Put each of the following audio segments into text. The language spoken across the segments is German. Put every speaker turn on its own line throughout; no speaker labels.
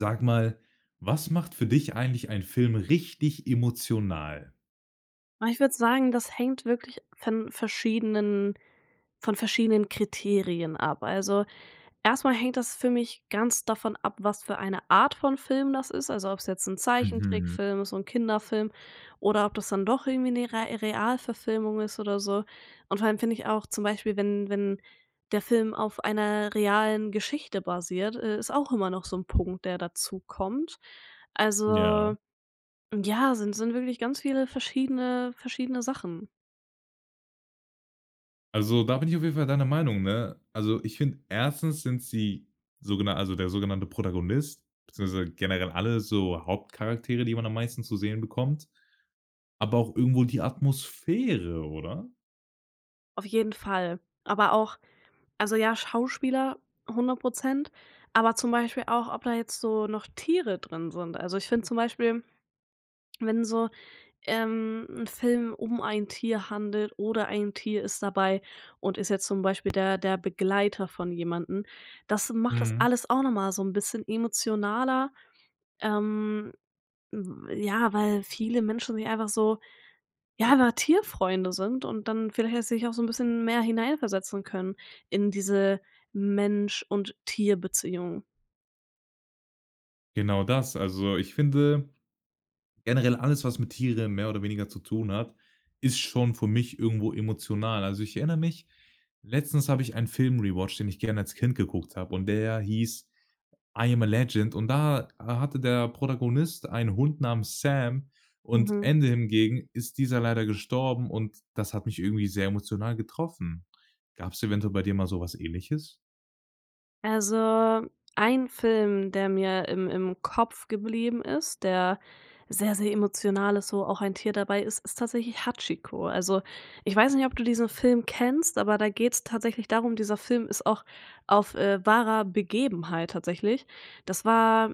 Sag mal, was macht für dich eigentlich ein Film richtig emotional?
Ah, ich würde sagen, das hängt wirklich von verschiedenen von verschiedenen Kriterien ab. Also, erstmal hängt das für mich ganz davon ab, was für eine Art von Film das ist. Also ob's jetzt 'n
Mhm.
Zeichentrickfilm ist, so 'n Kinderfilm oder ob das dann doch irgendwie 'ne Re Realverfilmung ist oder so. Und vor allem finde ich auch zum Beispiel, wenn wenn der Film auf einer realen Geschichte basiert, äh, ist auch immer noch so 'n Punkt, der dazukommt.
Ja.
Also, ja, sind sind wirklich ganz viele verschiedene verschiedene Sachen.
Also, da bin ich auf jeden Fall deiner Meinung, ne? Also, ich finde, erstens sind sie so gena also, der sogenannte Protagonist, beziehungsweise generell alle so Hauptcharaktere, die man am meisten zu sehen bekommt, aber auch irgendwo die Atmosphäre, oder?
Auf jeden Fall, aber auch also ja, Schauspieler 100 %. Aber zum Beispiel auch, ob da jetzt so noch Tiere drin sind. Also, ich finde zum Beispiel, wenn so, ähm, 'n Film um ein Tier handelt oder ein Tier ist dabei und ist jetzt zum Beispiel der der Begleiter von jemanden, das macht das
Mhm.
alles auch nochmal so 'n bisschen emotionaler. Ähm, w ja, weil viele Menschen sich einfach so ja, einfach Tierfreunde sind und dann vielleicht auch sich auch so 'n bisschen mehr hineinversetzen können in diese Mensch und Tierbeziehung.
Genau das. Also, ich finde generell alles, was mit Tieren mehr oder weniger zu tun hat, ist schon für mich irgendwo emotional. Also, ich erinnere mich, letztens habe ich einen Film rewatched, den ich gerne als Kind geguckt habe und der hieß „I am a Legend.“ Und da hatte der Protagonist einen Hund namens Sam und
Mhm.
Ende hingegen ist dieser leider gestorben, und das hat mich irgendwie sehr emotional getroffen. Gab's eventuell bei dir mal sowas Ähnliches?
Also, ein Film, der mir im im Kopf geblieben ist, der sehr, sehr emotional ist, wo auch ein Tier dabei ist, ist tatsächlich Hachiko. Also, ich weiß nicht, ob du diesen Film kennst, aber da geht's tatsächlich darum dieser Film ist auch auf, äh, wahrer Begebenheit tatsächlich. Das war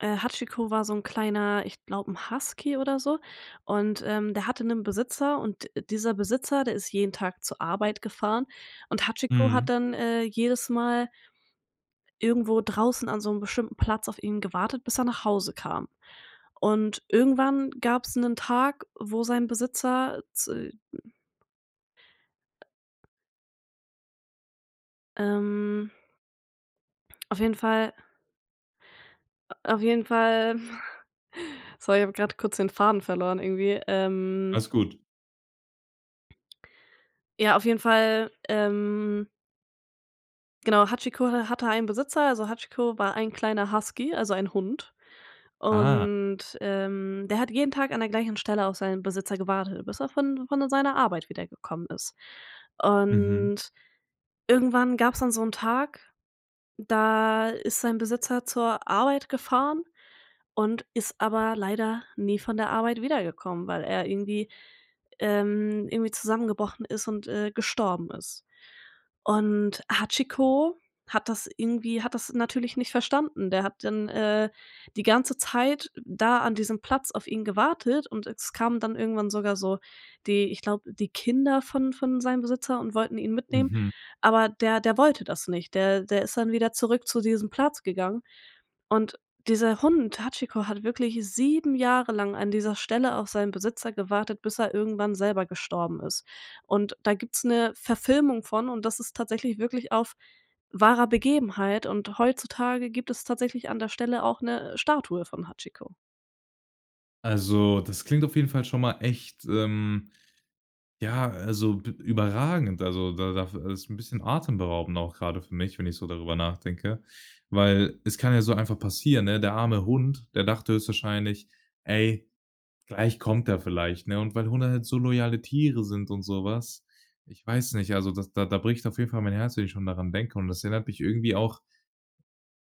äh, Hachiko war so 'n kleiner ich glaube, 'n Husky oder so, und, ähm, der hatte 'nen Besitzer und dieser Besitzer, der ist jeden Tag zur Arbeit gefahren, und Hachiko hat
Mhm.
dann, äh, jedes Mal irgendwo draußen an so 'nem bestimmten Platz auf ihn gewartet, bis er nach Hause kam. Und irgendwann gab's 'nen Tag, wo sein Besitzer z Ähm. Auf jeden Fall. Auf jeden Fall. Sorry, ich habe grad kurz den Faden verloren irgendwie, ähm
Alles gut.
Ja, auf jeden Fall, ähm Genau. Hachiko ha hatte einen Besitzer. Also, Hachiko war ein kleiner Husky, also, ein Hund
Ah.
und, ähm, der hat jeden Tag an der gleichen Stelle auf seinen Besitzer gewartet, bis er von von seiner Arbeit wiedergekommen ist.
Mhm.
Und irgendwann gab's dann so 'n Tag, da ist sein Besitzer zur Arbeit gefahren und ist aber leider nie von der Arbeit wiedergekommen, weil er irgendwie, ähm, irgendwie zusammengebrochen ist und, äh, gestorben ist. Und Hachiko hat das irgendwie hat das natürlich nicht verstanden. Der hat dann, äh, die ganze Zeit da an diesem Platz auf ihn gewartet und es kamen dann irgendwann sogar so die ich glaube, die Kinder von von seinem Besitzer und wollten ihn mitnehmen.
Mhm.
Aber der der wollte das nicht. Der der ist dann wieder zurück zu diesem Platz gegangen und dieser Hund Hachiko hat wirklich 7 Jahre lang an dieser Stelle auf seinen Besitzer gewartet, bis er irgendwann selber gestorben ist. Und da gibt's 'ne Verfilmung von, und das ist tatsächlich wirklich auf wahrer Begebenheit, und heutzutage gibt es tatsächlich an der Stelle auch 'ne Statue von Hachiko.
Also, das klingt auf jeden Fall schon mal echt ähm, ja, also, b überragend, also, da da f ist 'n bisschen atemberaubend auch grade für mich, wenn ich so darüber nachdenke. Weil es kann ja so einfach passieren, ne? Der arme Hund, der dachte höchstwahrscheinlich: „Ey, gleich kommt er vielleicht, ne?“ Und weil Hunde halt so loyale Tiere sind und sowas. Ich weiß nicht, also, das da da bricht auf jeden Fall mein Herz, wenn ich schon daran denke und das erinnert mich irgendwie auch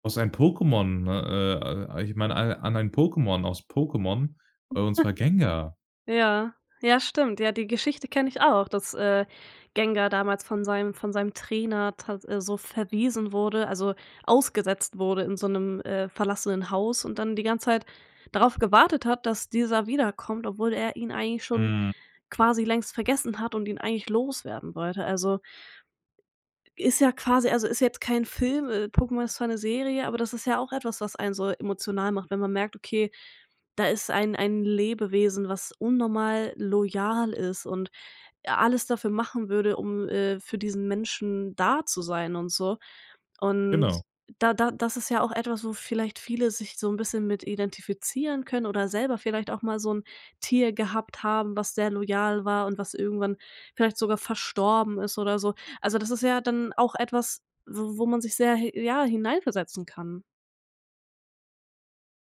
aus einem Pokemon, ne äh, äh, ich meine a an einen Pokemon aus Pokemon, und zwar Gengar.
Ja, ja, stimmt. Ja, die Geschichte kenne ich auch, dass, äh, Gengar damals von seinem von seinem Trainer tat so verwiesen wurde, also, ausgesetzt wurde in so 'nem, äh, verlassenen Haus und dann die ganze Zeit darauf gewartet hat, dass dieser wiederkommt, obwohl er ihn eigentlich schon
Mhm.
quasi längst vergessen hat und ihn eigentlich loswerden wollte, also ist ja quasi also, ist jetzt kein Film, äh, Pokemon ist zwar 'ne Serie, aber das ist ja auch etwas, was einen so emotional macht, wenn man merkt: „Okay, da ist ein ein Lebewesen, was unnormal loyal ist und alles dafür machen würde, um, äh, für diesen Menschen da zu sein und so.“ Und
Genau.
da da das ist ja auch etwas, wo vielleicht viele sich so 'n bisschen mit identifizieren können oder selber vielleicht auch mal so 'n Tier gehabt haben, was sehr loyal war und was irgendwann vielleicht sogar verstorben ist oder so. Also, das ist ja dann auch etwas, w wo man sich sehr hi ja, hineinversetzen kann.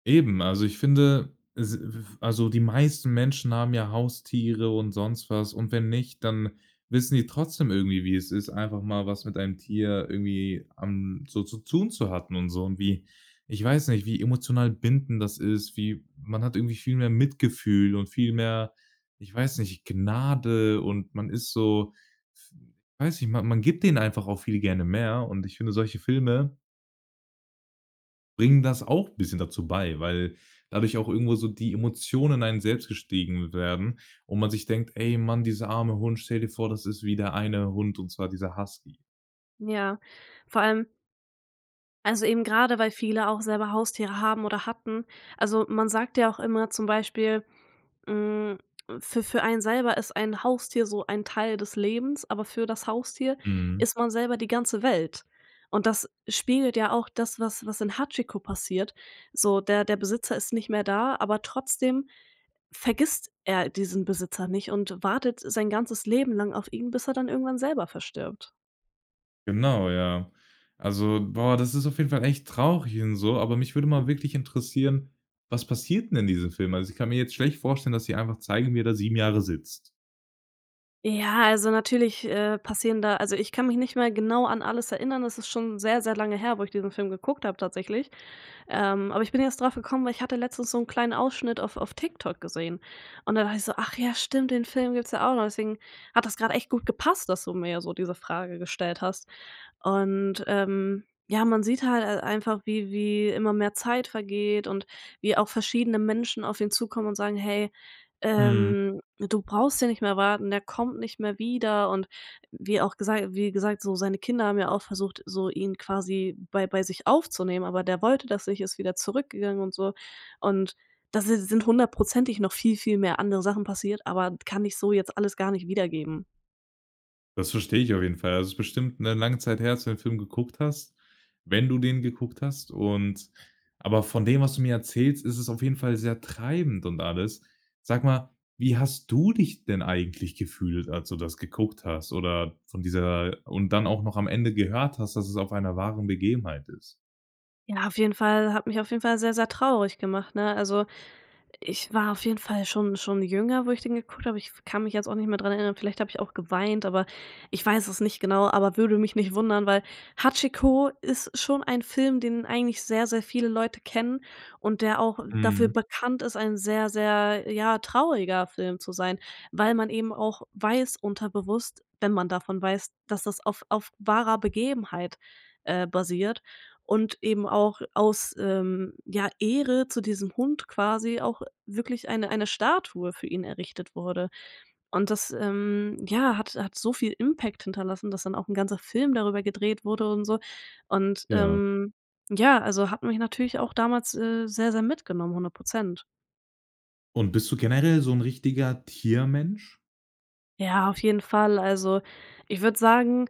Eben. Also, ich finde es [unintelligible] also die meisten Menschen haben ja Haustiere und sonst was, und wenn nicht, dann wissen die trotzdem irgendwie, wie es ist, einfach mal was mit einem Tier irgendwie am so zu tun zu hatten und so und wie ich weiß nicht, wie emotional bindend das ist, wie man hat irgendwie viel mehr Mitgefühl und viel mehr, ich weiß nicht, Gnade und man ist so weiß nicht, man man gibt denen einfach auch viel gerne mehr und ich finde solche Filme bringen das auch bisschen dazu bei, weil dadurch auch irgendwo so die Emotionen in einem selbst gestiegen werden und man sich denkt: „Ey, Mann, dieser arme Hund, stell dir vor, das ist wie der eine Hund, und zwar dieser Husky.“
Ja. Vor allem also eben grade, weil viele auch selber Haustiere haben oder hatten. Also, man sagt ja auch immer zum Beispiel, hm, für für einen selber ist ein Haustier so ein Teil des Lebens, aber für das Haustier
Mhm.
ist man selber die ganze Welt und das spiegelt ja auch das, was was in Hachiko passiert so der der Besitzer ist nicht mehr da, aber trotzdem vergisst er diesen Besitzer nicht und wartet sein ganzes Leben lang auf ihn, bis er dann irgendwann selber verstirbt.
Genau, ja. Also, boah, das ist auf jeden Fall echt traurig und so, aber mich würde mal wirklich interessieren, was passiert den in diesem Film? Also, ich kann mir jetzt schlecht vorstellen, dass sie einfach zeigen, wie er da 7 Jahre sitzt.
Ja, also natürlich, äh, passieren da also, ich kann mich nicht mehr genau an alles erinnern. Es ist schon sehr, sehr lange her, wo ich diesen Film geguckt habe tatsächlich, ähm, aber ich bin jetzt draufgekommen, weil ich hatte letztens so 'n kleinen Ausschnitt auf auf TikTok gesehen, und dann dachte ich so: „Ach ja, stimmt, den Film gibt's ja auch noch.“ Deswegen hat das grad echt gut gepasst, dass du mir so diese Frage gestellt hast, und, ähm, ja, man sieht hal halt einfach wie wie immer mehr Zeit vergeht und wie auch verschiedene Menschen auf ihn zukommen und sagen: „Hey,
Mhm.
ähm, du brauchst hier nicht mehr warten, er kommt nicht mehr wieder.“ Und wie auch gesagt wie gesagt, so seine Kinder haben ja auch versucht, so ihn quasi bei bei sich aufzunehmen, aber der wollte das nicht, ist wieder zurückgegangen und so, und da si sind hundertprozentig noch viel, viel mehr andere Sachen passiert. Aber kann ich so jetzt alles gar nicht wiedergeben.
Das verstehe ich auf jeden Fall. Also, ist bestimmt 'ne lange Zeit her, als du den Film geguckt hast wenn du den geguckt hast und aber von dem, was du mir erzählst, ist es auf jeden Fall sehr treibend und alles. Sag mal, wie hast du dich denn eigentlich gefühlt, als du das geguckt hast oder von dieser und dann auch noch am Ende gehört hast, dass es auf einer wahren Begebenheit ist?
Ja, auf jeden Fall hat mich auf jeden Fall sehr, sehr traurig gemacht, ne? Also, ich war auf jeden Fall schon schon jünger, wo ich den geguckt habe, aber ich kann mich jetzt auch nicht mehr dran erinnern. Vielleicht habe ich auch geweint, aber ich weiß es nicht genau, aber würde mich nicht wundern, weil Hachiko ist schon ein Film, den eigentlich sehr, sehr viele Leute kennen und der auch dafür
Mhm.
bekannt ist, ein sehr, sehr, ja, trauriger Film zu sein, weil man eben auch weiß, unterbewusst, wenn man davon weiß, dass das auf auf wahrer Begebenheit, äh, basiert und eben auch aus, ähm, ja, Ehre zu diesem Hund quasi auch wirklich eine eine Statue für ihn errichtet wurde. Und das, ähm, ja, hat hat so viel Impact hinterlassen, dass dann auch 'n ganzer Film darüber gedreht wurde und so und,
Ja.
ähm, ja, also hat mich natürlich auch damals, äh, sehr, sehr mitgenommen, 100%.
Und bist du generell so 'n richtiger Tiermensch?
Ja, auf jeden Fall. Also, ich würde sagen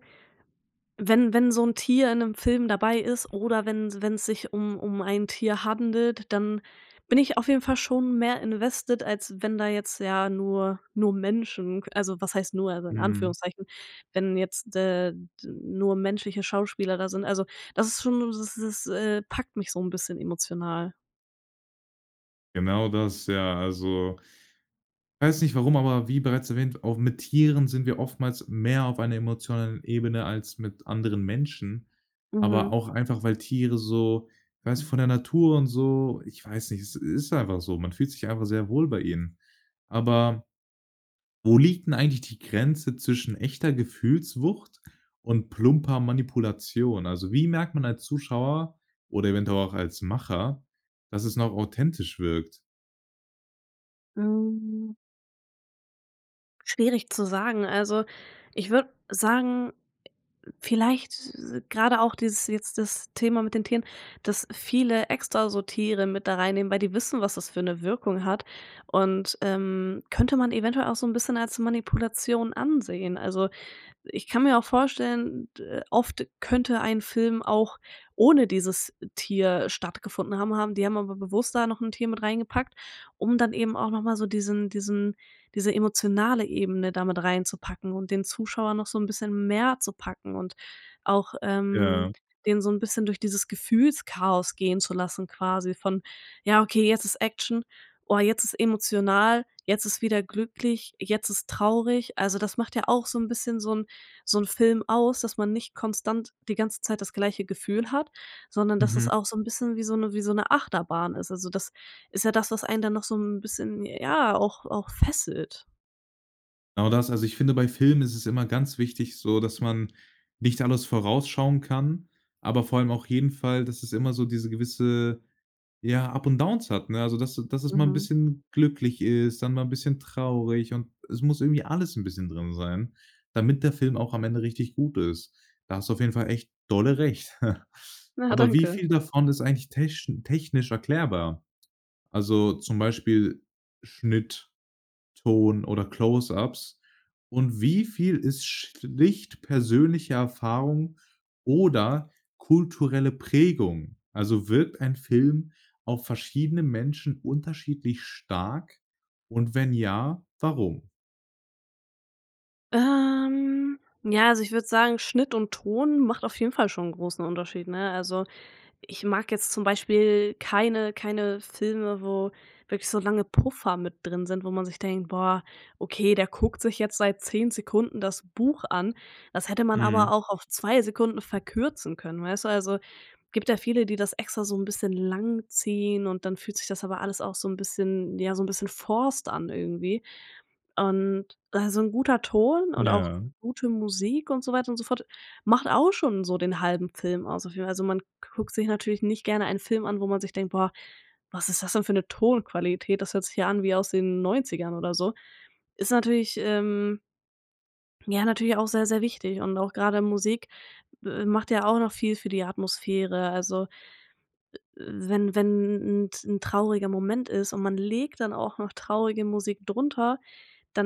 wenn wenn so 'n Tier in 'nem Film dabei ist, oder wenn wenn's sich um um ein Tier handelt, dann bin ich auf jeden Fall schon mehr invested, als wenn da jetzt, ja nur nur Menschen also, was heißt nur, also in
Mhm.
Anführungszeichen, wenn jetzt, äh, nur menschliche Schauspieler da sind also, das ist schon das ist, äh packt mich so 'n bisschen emotional.
Genau das, ja, also weiß nicht, warum, aber wie bereits erwähnt, auch mit Tieren sind wir oftmals mehr auf einer emotionalen Ebene als mit anderen Menschen. Aber
Mhm.
auch einfach, weil Tiere so ich weiß nicht von der Natur und so ich weiß nicht, es ist einfach so. Man fühlt sich einfach sehr wohl bei ihnen. Aber wo liegt 'n eigentlich die Grenze zwischen echter Gefühlswucht und plumper Manipulation? Also wie merkt man als Zuschauer, oder eventuell auch als Macher, dass es noch authentisch wirkt?
Hm. Schwierig zu sagen. Also, ich würde sagen vielleicht, äh grade auch dieses jetzt das Thema mit den Tieren, dass viele extra so Tiere mit da reinnehmen, weil die wissen, was das für 'ne Wirkung hat und, ähm, könnte man eventuell auch so 'n bisschen als Manipulation ansehen. Also ich kann mir auch vorstellen, d oft könnte ein Film auch ohne dieses Tier stattgefunden haben haben. Die haben aber bewusst da noch 'n Tier mit rein gepackt, um dann eben auch noch mal so diesen diesen diese emotionale Ebene da mit reinzupacken und den Zuschauer noch so 'n bisschen mehr zu packen und auch, ähm,
Ja.
den so 'n bisschen durch dieses Gefühlschaos gehen zu lassen, quasi von „Ja, okay, jetzt ist Action. Oh, jetzt ist emotional. Jetzt ist wieder glücklich. Jetzt ist traurig.“ Also, das macht ja auch so 'n bisschen so 'n so 'n Film aus, dass man nicht konstant die ganze Zeit das gleiche Gefühl hat, sondern dass es
Mhm.
auch so 'n bisschen wie so 'ne wie so 'ne Achterbahn ist. Also, das ist ja das, was einen dann noch so 'n bisschen ja auch auch fesselt.
Genau das. Also, ich finde, bei Filmen ist es immer ganz wichtig so, dass man nicht alles vorausschauen kann, aber vor allem auch jeden Fall, dass es immer so diese gewisse ja up und downs hat, ne? Also dass dass es mal 'n
Mhm.
bisschen glücklich ist, dann mal 'n bisschen traurig. Und es muss irgendwie alles 'n bisschen drin sein, damit der Film auch am Ende richtig gut ist. Da hast du auf jeden Fall echt dolle Recht.
Ah,
Aber wie
danke.
viel davon ist eigentlich tesch technisch erklärbar, also zum Beispiel Schnitt, Ton oder Close-Ups? Und wie viel ist schlicht persönliche Erfahrung oder kulturelle Prägung? Also wirkt ein Film auf verschiedene Menschen unterschiedlich stark? Und wenn ja, warum?
Ähm, ja, also, ich würde sagen, Schnitt und Ton macht auf jeden Fall schon 'n großen Unterschied, ne? Also, ich mag jetzt zum Beispiel keine keine Filme, wo wirklich so lange Puffer mit drin sind, wo man sich denkt: „Boah, okay, der guckt sich jetzt seit 10 Sekunden das Buch an. Das hätte man
Mhm.
aber auch auf 2 Sekunden verkürzen können“, weißt du? Also, gibt ja viele, die das extra so 'n bisschen lang ziehen, und dann fühlt sich das aber alles auch so 'n bisschen ja, so 'n bisschen forced an, irgendwie und also 'n guter Ton und auch
Ja.
gute Musik und so weiter und so fort macht auch schon so den halben Film aus auf jeden Fall. Also, man guckt sich natürlich nicht gerne einen Film an, wo man sich denkt: „Boah, was ist das denn für 'ne Tonqualität? Das hört sich ja an wie aus den 90ern oder so“. Ist natürlich, ähm ja, natürlich auch sehr, sehr wichtig. Und auch grade Musik, äh, macht ja auch noch viel für die Atmosphäre. Also, äh äh, wenn wenn 'n 'n t 'n trauriger Moment ist und man legt dann auch noch traurige Musik drunter,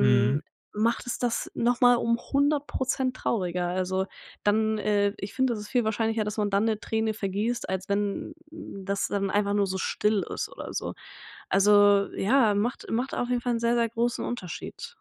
Mhm.
macht es das nochmal um 100 % trauriger. Also dann äh, ich finde, das ist viel wahrscheinlicher, dass man dann 'ne Träne vergießt, als wenn das dann einfach nur so still ist oder so. Also ja, macht macht auf jeden Fall 'n sehr, sehr großen Unterschied.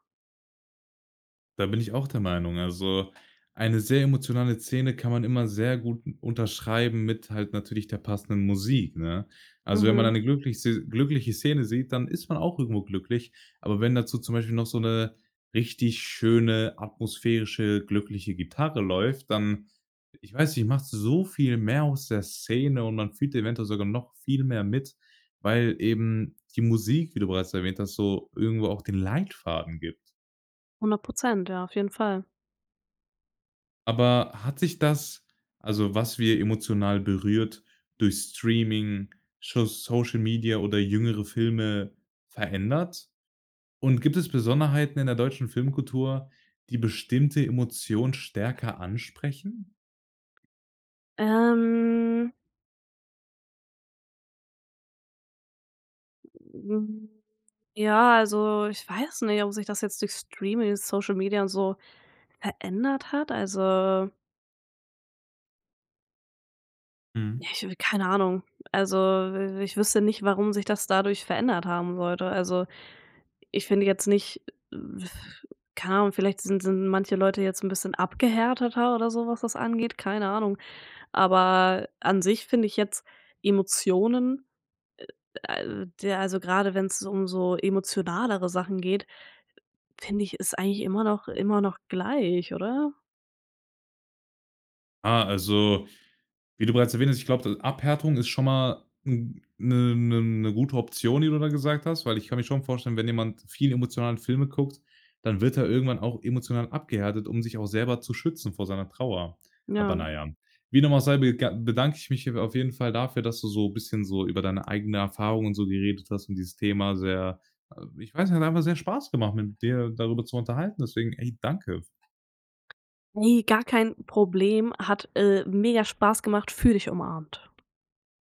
Da bin ich auch der Meinung, also, eine sehr emotionale Szene kann man immer sehr gut unterschreiben mit halt natürlich der passenden Musik, ne? Also, wenn man
Mhm.
eine glücklich se glückliche Szene sieht, dann ist man auch irgendwo glücklich. Aber wenn dazu zum Beispiel noch so 'ne richtig schöne, atmosphärische glückliche Gitarre läuft, dann ich weiß nicht, macht so viel mehr aus der Szene, und man fühlt eventuell sogar noch viel mehr mit, weil eben die Musik, wie du bereits erwähnt hast, so irgendwo auch den Leitfaden gibt.
100%, ja, auf jeden Fall.
Aber hat sich das also, was wir emotional berührt durch Streaming, scho Social Media oder jüngere Filme verändert? Und gibt es Besonderheiten in der deutschen Filmkultur, die bestimmte Emotion stärker ansprechen?
Ähm. Hm, ja, also, ich weiß nicht, ob sich das jetzt durch Streaming, Social Media und so verändert hat. Also Ja,
Mhm.
ich habe keine Ahnung. Also, i ich wüsste nicht, warum sich das dadurch verändert haben sollte. Also, ich finde jetzt nicht Keine Ahnung, vielleicht sind sind manche Leute jetzt 'n bisschen abgehärteter oder so, was das angeht, keine Ahnung, aber an sich finde ich jetzt Emotionen äh, al ja, also grade wenn's um so emotionalere Sachen geht, finde ich es eigentlich immer noch immer noch gleich, oder?
Ah, also, wie du bereits erwähnt hast, ich glaube, d Abhärtung ist schon mal n 'ne 'ne 'ne gute Option, die du da gesagt hast, weil ich kann mir schon vorstellen, wenn jemand viel emotionale Filme guckt, dann wird er irgendwann auch emotional abgehärtet, um sich auch selber zu schützen vor seiner Trauer. Aber,
Ja.
na ja, wie dem auch sei, bega bedanke ich mich auf jeden Fall dafür, dass du so bisschen so über deine eigene Erfahrung und so geredet hast und dieses Thema sehr ich weiß nicht, hat einfach sehr Spaß gemacht, mit dir darüber zu unterhalten. Deswegen, ey, danke f
Ey, gar kein Problem. Hat, äh, mega Spaß gemacht, fühle dich umarmt.